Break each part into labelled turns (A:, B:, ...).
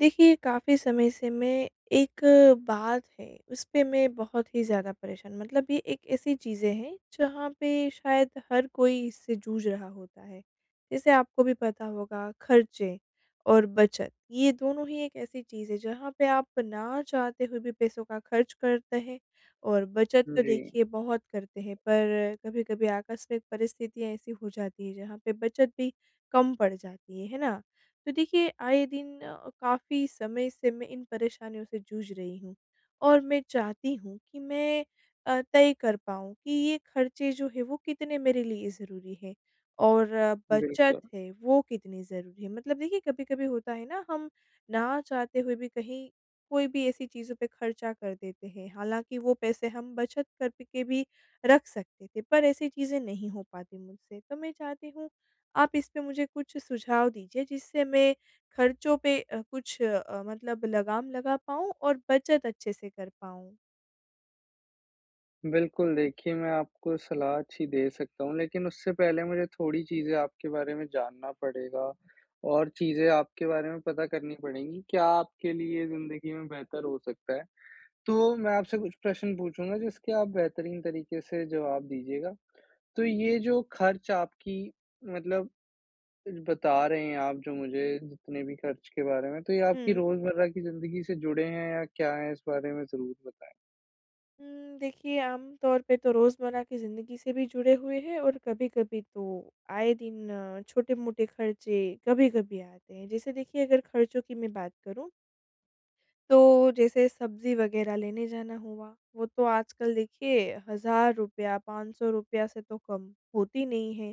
A: देखिए, काफ़ी समय से मैं एक बात है उसपे मैं बहुत ही ज़्यादा परेशान मतलब ये एक ऐसी चीज़ें हैं जहाँ पे शायद हर कोई इससे जूझ रहा होता है। जैसे आपको भी पता होगा खर्चे और बचत, ये दोनों ही एक ऐसी चीज़ है जहाँ पे आप ना चाहते हुए भी पैसों का खर्च करते हैं और बचत
B: उम,
A: तो
B: जी।
A: देखिए बहुत करते हैं, पर कभी-कभी आकस्मिक परिस्थितियाँ ऐसी हो जाती है जहाँ पे बचत भी कम पड़ जाती है। है ना? तो देखिए आए दिन अ, काफ़ी समय से मैं इन परेशानियों से जूझ रही हूँ। और मैं चाहती हूँ कि मैं अ, तय कर पाऊँ कि ये खर्चे जो हैं वो कितने मेरे लिए ज़रूरी हैं? और बचत
B: बिल्कुल।
A: है वो कितनी ज़रूरी है? मतलब देखिए कभी-कभी होता है ना हम ना चाहते हुए भी कहीं कोई भी ऐसी चीज़ों पे खर्चा कर देते हैं, हालाँकि वो पैसे हम बचत करके भी रख सकते थे पर ऐसी चीज़ें नहीं हो पाती मुझसे तो मैं चाहती हूँ आप इस पे मुझे कुछ सुझाव दीजिए जिससे मैं खर्चों पे अ, कुछ अ, मतलब लगाम लगा पाऊँ और बचत अच्छे से कर पाऊँ।
B: बिल्कुल, देखिए मैं आपको सलाह अच्छी दे सकता हूँ लेकिन उससे पहले मुझे थोड़ी चीज़ें आपके बारे में जानना पड़ेगा और चीज़ें आपके बारे में पता करनी पड़ेंगी, क्या आपके लिए ज़िंदगी में बेहतर हो सकता है? तो मैं आपसे कुछ प्रश्न पूछूँगा जिसके आप बेहतरीन तरीके से जवाब दीजिएगा। तो ये जो खर्च आपकी मतलब बता रहे हैं आप जो मुझे जितने भी खर्च के बारे में तो ये आपकी
A: हुँ।
B: रोज़मर्रा की जिंदगी से जुड़े हैं या क्या हैं इस बारे में ज़रूर बताएँ?
A: उम, देखिए आम तौर पे तो रोज़मर्रा की ज़िंदगी से भी जुड़े हुए हैं और कभी-कभी तो आए दिन अ, छोटे-मोटे खर्चे कभी-कभी आते हैं। जैसे देखिए अगर खर्चों की मैं बात करूँ तो जैसे सब्जी वगैरह लेने जाना हुआ वो तो आजकल देखिए ₹1000 ₹500 रुपया से तो कम होती नहीं है।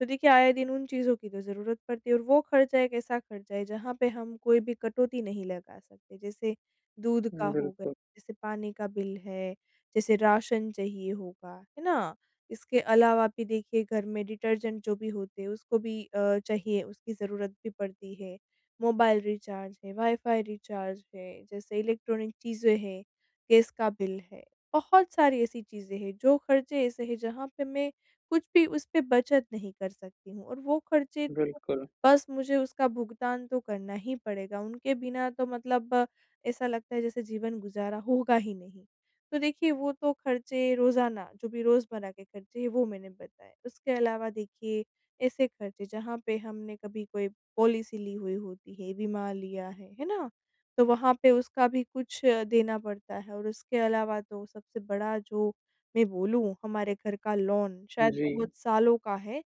A: तो देखिए आए दिन उन चीज़ों की तो जरूरत पड़ती है और वो खर्चा एक ऐसा खर्चा है जहाँ पे हम कोई भी कटौती नहीं लगा सकते। जैसे दूध का
B: उम,
A: हो गया,
B: बिल्कुल।
A: जैसे पानी का बिल है, जैसे राशन चाहिए होगा। है ना? इसके अलावा भी देखिए घर में डिटर्जेंट जो भी होते हैं उसको भी अ, चाहिए उसकी ज़रूरत भी पड़ती है, मोबाइल रिचार्ज है, वाई-फाई रिचार्ज है, जैसे इलेक्ट्रॉनिक चीज़ें हैं, गैस का बिल है, बहुत सारी ऐसी चीज़ें हैं जो खर्चे ऐसे हैं जहाँ पे मैं कुछ भी उस पे बचत नहीं कर सकती हूँ और वो खर्चे तो
B: बिल्कुल।
A: बस मुझे उसका भुगतान तो करना ही पड़ेगा, उनके बिना तो मतलब ऐसा लगता है जैसे जीवन गुज़ारा होगा ही नहीं। तो देखिए वो तो खर्चे रोज़ाना जो भी रोज़मर्रा के खर्चे हैं वो मैंने बताए। उसके अलावा देखिए ऐसे खर्चे जहाँ पे हमने कभी कोई पॉलिसी ली हुई होती है, बीमा लिया है, है ना? तो वहाँ पे उसका भी कुछ अ, देना पड़ता है और उसके अलावा तो सबसे बड़ा जो मैं बोलूँ हमारे घर का लोन शायद बहुत
B: जी।
A: सालों का है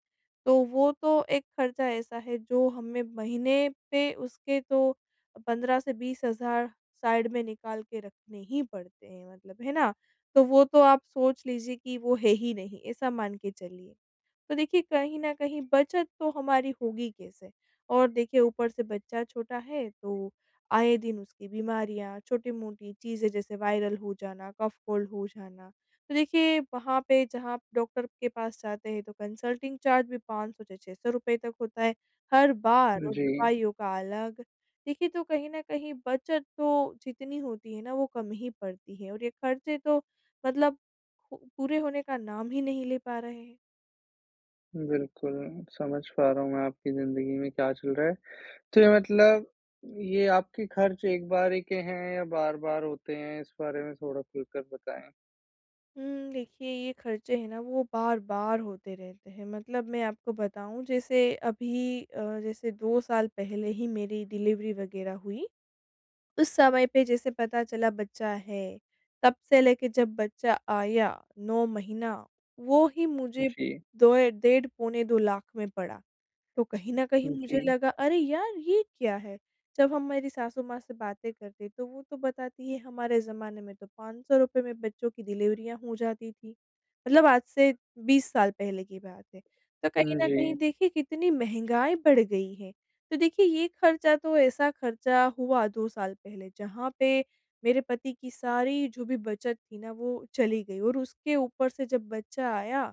A: तो वो तो एक खर्चा ऐसा है जो हमें महीने पे उसके तो 15 से 20 हज़ार साइड में निकाल के रखने ही पड़ते हैं। मतलब है ना? तो वो तो आप सोच लीजिए कि वो है ही नहीं, ऐसा मान के चलिए। तो देखिए कहीं न कहीं बचत तो हमारी होगी कैसे? और देखिए ऊपर से बच्चा छोटा है, तो आए दिन उसकी बीमारियाँ, छोटी-मोटी चीजें जैसे वायरल हो जाना, कफ-कोल्ड हो जाना। तो देखिए वहाँ पे जहाँ आप डॉक्टर के पास जाते हैं तो कंसल्टिंग चार्ज भी ₹500 से ₹600 रुपए तक होता है। हर बार और
B: जी।
A: दवाइयों का अलग देखिए तो कहीं न कहीं बचत तो जितनी होती है ना वो कम ही पड़ती है और ये खर्चे तो मतलब पू पूरे होने का नाम ही नहीं ले पा रहे हैं।
B: बिल्कुल। समझ पा रहा हूँ मैं आपकी ज़िंदगी में क्या चल रहा है। तो ये मतलब ये आपके खर्च एक बारी के हैं या बार-बार होते हैं? इस बारे में थोड़ा खुल कर बताएँ।
A: उम, देखिए, ये खर्चे हैं ना वो बार-बार होते रहते हैं मतलब मैं आपको बताऊँ जैसे अभी अ, जैसे 2 साल पहले ही मेरी डिलीवरी वगैरह हुई। उस समय पे जैसे पता चला बच्चा है, तब से लेकर जब बच्चा आया, 9 महीना वो ही मुझे
B: जी।
A: 2 या डेढ़ पौने 2 लाख में पड़ा। तो कहीं न कहीं मुझे
B: जी।
A: लगा अरे यार ये क्या है? जब हम मेरी सासु माँ से बातें करते हैं, तो वो तो बताती है हमारे जमाने में तो 500 रूपए में बच्चों की डिलीवरियाँ हो जाती थी, मतलब आज से 20 साल पहले की बात है, तो कहीं
B: उम,
A: न कहीं
B: जी।
A: देखिए कितनी महँगाई बढ़ गई है। तो देखिए, ये खर्चा तो ऐसा खर्चा हुआ 2 साल पहले जहाँ पे मेरे पति की सारी जो भी बचत थी ना, वो चली गई और उसके ऊपर से जब बच्चा आया,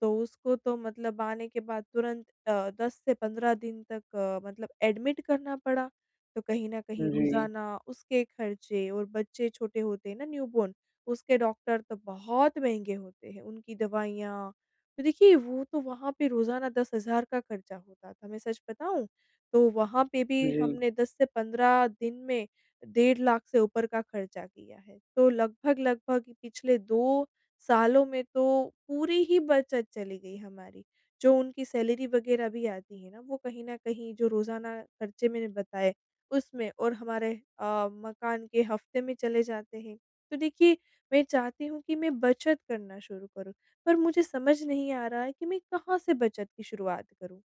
A: तो उसको तो मतलब आने के बाद तुरंत अ, 10 से 15 दिन तक अ, मतलब एडमिट करना पड़ा, तो कहीं न कहीं
B: जी।
A: रोज़ाना उसके खर्चे और बच्चे छोटे होते हैं ना न्यूबॉर्न उसके डॉक्टर तो बहुत महँगे होते हैं। उनकी दवाइयाँ, तो देखिए, वो तो वहाँ पे रोज़ाना 10,000 का खर्चा होता था मैं सच बताऊँ? तो वहाँ पे भी
B: जी।
A: हमने 10 से 15 दिन में डेढ़ लाख से ऊपर का खर्चा किया है, तो लगभग-लगभग कि पिछले 2 सालों में तो पूरी ही बचत चली गई हमारी। जो उनकी सैलरी वगैरह भी आती है ना, वो कहीं न कहीं जो रोज़ाना खर्चे मैंने बताए उसमें और हमारे अ, मकान के हफ्ते में चले जाते हैं। तो देखिए, मैं चाहती हूँ कि मैं बचत करना शुरू करूँ पर मुझे समझ नहीं आ रहा है कि मैं कहाँ से बचत की शुरुआत करूँ?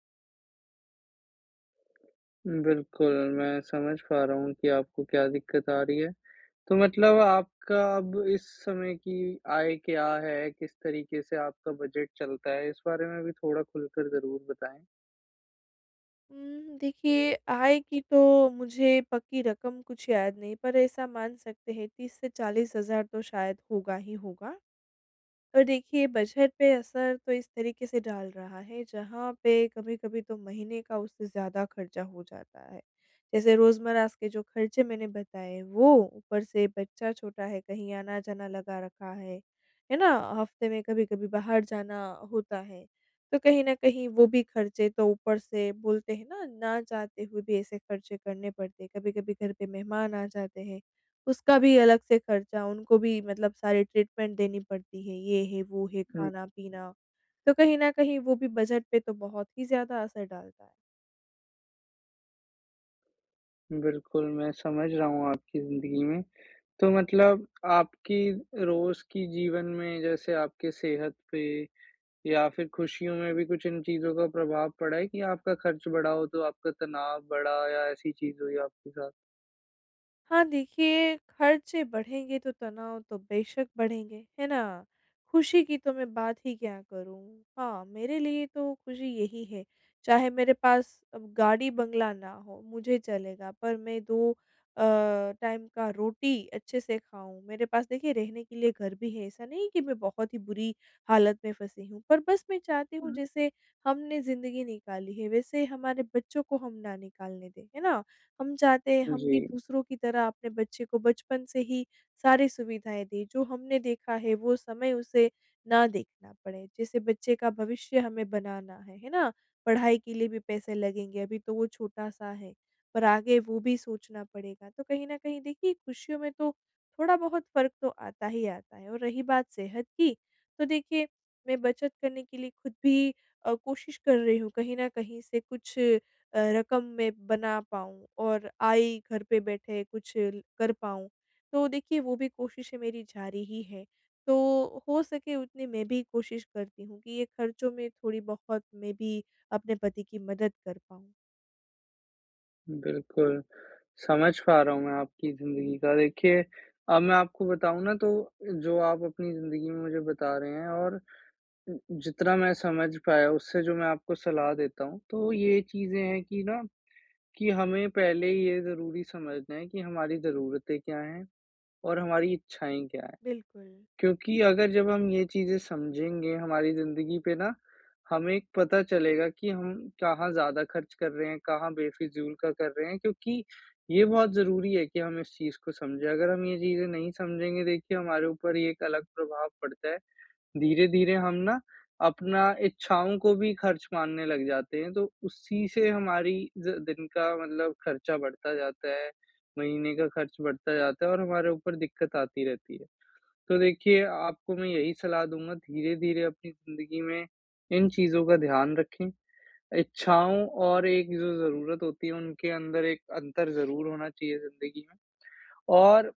B: बिल्कुल मैं समझ पा रहा हूँ कि आपको क्या दिक्कत आ रही है, तो मतलब आपका अब इस समय की आय क्या है, किस तरीके से आपका बजट चलता है? इस बारे में भी थोड़ा खुलकर ज़रूर बताएँ।
A: उम, देखिए आय की तो मुझे पक्की रकम कुछ याद नहीं पर ऐसा मान सकते हैं 30 से 40 हज़ार तो शायद होगा ही होगा। और देखिए बजट पे असर तो इस तरीके से डाल रहा है, जहाँ पे कभी-कभी तो महीने का उससे ज़्यादा खर्चा हो जाता है। जैसे रोज़मर्रा के जो खर्चे मैंने बताए वो, ऊपर से बच्चा छोटा है कहीं आना-जाना लगा रखा है, है ना? हफ़्ते में कभी-कभी बाहर जाना होता है, तो कहीं न कहीं वो भी खर्चे तो ऊपर से बोलते हैं ना, ना चाहते हुए भी ऐसे खर्चे करने पड़ते हैं। कभी-कभी घर पे मेहमान आ जाते हैं, उसका भी अलग से खर्चा उनको भी मतलब सारी ट्रीटमेंट देनी पड़ती है ये है, वो है,
B: हुँ।
A: खाना-पीना तो कहीं न कहीं वो भी बजट पे तो बहुत ही ज़्यादा असर डालता है।
B: बिल्कुल, मैं समझ रहा हूँ आपकी ज़िन्दगी में तो मतलब आपकी रोज़ की जीवन में जैसे आपके सेहत पे या फिर खुशियों में भी कुछ इन चीज़ों का प्रभाव पड़ा है कि आपका खर्च बढ़ा हो तो आपका तनाव बढ़ा या ऐसी चीज़ हुई आपके साथ?
A: हाँ देखिए, खर्चे बढ़ेंगे तो तनाव तो बेशक बढ़ेंगे, है ना? खुशी की तो मैं बात ही क्या करूँ। हाँ, मेरे लिए तो खुशी यही है चाहे मेरे पास अ, गाड़ी-बंगला ना हो मुझे चलेगा पर मैं दो अ, टाइम का रोटी अच्छे से खाऊँ। मेरे पास देखिए रहने के लिए घर भी है ऐसा नहीं है कि मैं बहुत ही बुरी हालत में फँसी हूँ, पर बस मैं चाहती हूँ
B: हुँ।
A: जैसे हमने ज़िंदगी निकाली है वैसे हमारे बच्चों को हम ना निकालने दें, है ना? हम चाहते हैं हम भी
B: जी।
A: दूसरों की तरह अपने बच्चे को बचपन से ही सारी सुविधाएँ दें जो हमने देखा है वो समय उसे ना देखना पड़े। जैसे बच्चे का भविष्य हमें बनाना है है ना? पढ़ाई के लिए भी पैसे लगेंगे अभी तो वो छोटा-सा है, पर आगे वो भी सोचना पड़ेगा। तो कहीं न कहीं देखिए खुशियों में तो थोड़ा बहुत फ़र्क तो आता ही आता है और रही बात सेहत की, तो देखिए मैं बचत करने के लिए खुद भी अ, कोशिश कर रही हूँ कहीं न कहीं से कुछ अ, रकम मैं बना पाऊँ और आय घर पे बैठे कुछ कर पाऊँ। तो देखिए वो भी कोशिशें मेरी जा रही है। तो हो सके उतनी मैं भी कोशिश करती हूँ कि ये खर्चों में थोड़ी-बहुत मैं भी अपने पति की मदद कर पाऊँ।
B: बिल्कुल, समझ पा रहा हूँ मैं आपकी ज़िंदगी का देखिए, अब मैं आपको बताऊँ ना तो जो आप अपनी ज़िंदगी में मुझे बता रहे हैं और जितना मैं समझ पाया उससे जो मैं आपको सलाह देता हूँ। तो ये चीज़ें हैं कि ना, कि हमें पहले ये ज़रूरी समझना है कि हमारी ज़रूरते क्या है, और हमारी इच्छाएँ क्या है?
A: बिल्कुल।
B: क्योंकि अगर जब हम ये चीज़ें समझेंगे, हमारी ज़िंदगी पे ना हमें पता चलेगा कि हम कहाँ ज़्यादा खर्च कर रहे हैं, कहाँ बेफिज़ूल का कर रहे हैं? क्योंकि ये बहुत ज़रूरी है कि हम इस चीज़ को समझें। अगर हम ये चीज़ें नहीं समझेंगे देखिए हमारे ऊपर ये एक अलग प्रभाव पड़ता है, धीरे-धीरे हम ना अपना इच्छाओं को भी खर्च मानने लग जाते हैं, तो उसी से हमारी ज दिन का मतलब खर्चा बढ़ता जाता है, महीने का खर्च बढ़ता जाता है और हमारे ऊपर दिक्कत आती रहती है। तो देखिए, आपको मैं यही सलाह दूँगा धीरे-धीरे अपनी ज़िंदगी में इन चीज़ों का ध्यान रखें, इच्छाओं और एक जो ज़रूरत होती है उनके अंदर एक अंतर ज़रूर होना चाहिए ज़िंदगी में। और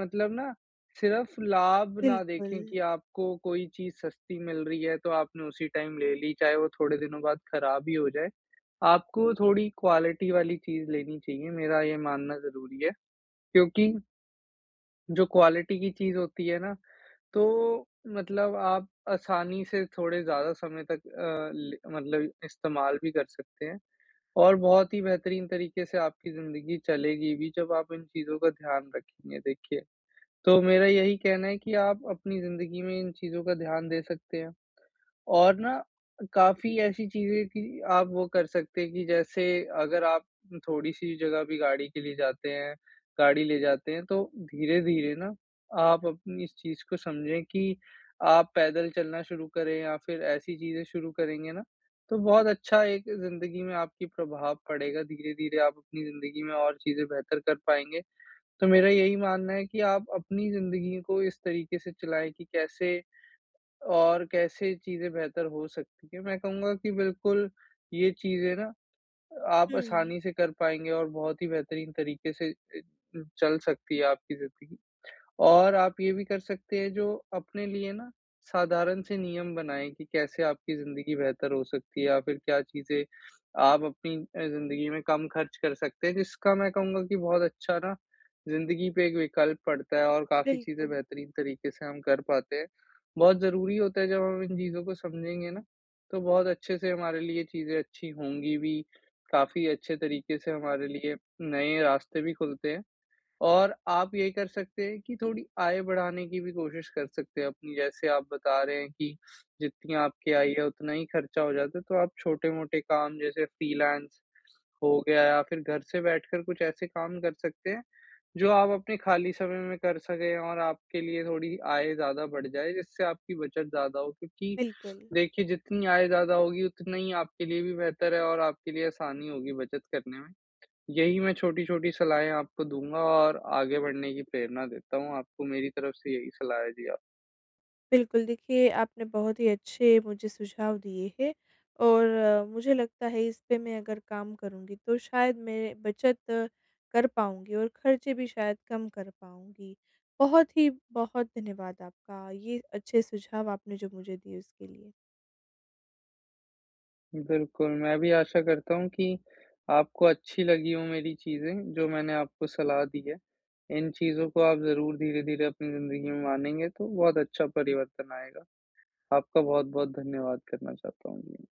B: मतलब ना सिर्फ़ लाभ ना देखें
A: बिल्कुल।
B: कि आपको कोई चीज़ सस्ती मिल रही है, तो आपने उसी टाइम ले ली, चाहे वो थोड़े दिनों बाद खराब ही हो जाए। आपको थोड़ी क्वालिटी वाली चीज़ लेनी चाहिए मेरा ये मानना ज़रूरी है, क्योंकि जो क्वालिटी की चीज़ होती है ना, तो मतलब आप आसानी से थोड़े ज़्यादा समय तक अ, ल मतलब इस्तेमाल भी कर सकते हैं। और बहुत ही बेहतरीन तरीके से आपकी ज़िंदगी चलेगी भी जब आप इन चीज़ों का ध्यान रखेंगे देखिए। तो मेरा यही कहना है कि आप अपनी ज़िंदगी में इन चीज़ों का ध्यान दे सकते हैं, और ना काफ़ी ऐसी चीज़ें थी, आप वो कर सकते हैं कि जैसे अगर आप थोड़ी-सी जगह भी गाड़ी के लिए जाते हैं गाड़ी ले जाते हैं तो धीरे-धीरे ना आप अपनी इस चीज़ को समझें कि आप पैदल चलना शुरू करें या फिर ऐसी चीज़ें शुरू करेंगे ना, तो बहुत अच्छा एक ज़िंदगी में आपकी प्रभाव पड़ेगा, धीरे-धीरे आप अपनी ज़िंदगी में और चीज़ें बेहतर कर पाएँगे। तो मेरा यही मानना है कि आप अपनी ज़िंदगी को इस तरीके से चलाएँ कि कैसे और कैसे चीज़ें बेहतर हो सकती हैं। मैं कहूँगा कि बिल्कुल ये चीज़ें ना, आप
A: हुँ।
B: आसानी से कर पाएँगे और बहुत ही बेहतरीन तरीके से ए, चल सकती है आपकी ज़िंदगी। और आप ये भी कर सकते हैं जो अपने लिए ना, साधारण से नियम बनाएँ कि कैसे आपकी ज़िंदगी बेहतर हो सकती है या फिर क्या चीज़ें आप अपनी अ, ज़िंदगी में कम खर्च कर सकते हैं, जिसका मैं कहूँगा कि बहुत अच्छा ना, ज़िंदगी पे एक विकल्प पड़ता है और काफ़ी चीज़ें
A: बिल्कुल।
B: बेहतरीन तरीके से हम कर पाते हैं। बहुत ज़रूरी होता है जब हम इन चीज़ों को समझेंगे ना, तो बहुत अच्छे से हमारे लिए ये चीज़ें अच्छी होंगी भी, काफ़ी अच्छे तरीके से हमारे लिए नए रास्ते भी खुलते हैं। और आप ये कर सकते हैं कि थोड़ी आय बढ़ाने की भी कोशिश कर सकते हैं अपनी, जैसे आप बता रहे हैं कि जितनी आपकी आय है उतना ही खर्चा हो जाता है, तो आप छोटे-मोटे काम जैसे फ्रीलांस हो गया या फिर घर से बैठकर कुछ ऐसे काम कर सकते हैं, जो आप अपने खाली समय में कर सकें और आपके लिए थोड़ी आय ज़्यादा बढ़ जाए, जिससे आपकी बचत ज़्यादा हो, क्योंकि
A: बिल्कुल।
B: देखिए जितनी आय ज़्यादा होगी उतना ही आपके लिए भी बेहतर है और आपके लिए आसानी होगी बचत करने में। यही मैं छोटी-छोटी सलाहें आपको दूँगा और आगे बढ़ने की प्रेरणा देता हूँ आपको मेरी तरफ से यही सलाह है, जी, आप
A: बिल्कुल देखिए, आपने बहुत ही अच्छे मुझे सुझाव दिए हैं, और मुझे लगता है इस पे मैं अगर काम करूँगी तो शायद मैं बचत कर पाऊँगी और खर्चे भी शायद कम कर पाऊँगी। बहुत ही बहुत धन्यवाद आपका ये अच्छे सुझाव आपने जो मुझे दिए उसके लिए।
B: बिल्कुल, मैं भी आशा करता हूँ कि आपको अच्छी लगी हो मेरी चीज़ें जो मैंने आपको सलाह दी है, इन चीज़ों को आप ज़रूर धीरे-धीरे अपनी ज़िंदगी में मानेंगे तो बहुत अच्छा परिवर्तन आएगा। आपका बहुत-बहुत धन्यवाद करना चाहता हूँ मैं।